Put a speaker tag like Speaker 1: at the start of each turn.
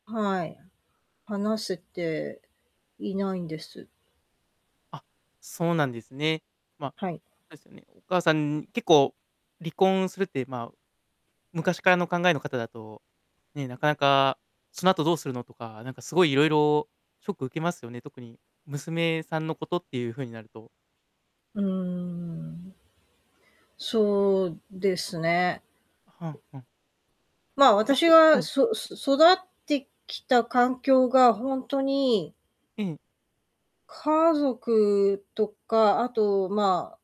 Speaker 1: はい。話せていないんです。
Speaker 2: あ、そうなんですね。ま、
Speaker 1: はい。
Speaker 2: そうですね、お母さんに結構、離婚するって、まあ、昔からの考えの方だと、ね、なかなか、「その後どうするの」とか、なんかすごいいろいろショック受けますよね。特に娘さんのことっていうふうになると。
Speaker 1: うーん。そうですね。
Speaker 2: ふんふん。
Speaker 1: まあ、
Speaker 2: え
Speaker 1: 私
Speaker 2: と、は
Speaker 1: が
Speaker 2: い。
Speaker 1: そす育ってきた環境がほんとに
Speaker 2: ええ。
Speaker 1: 家族とか、あと、まあ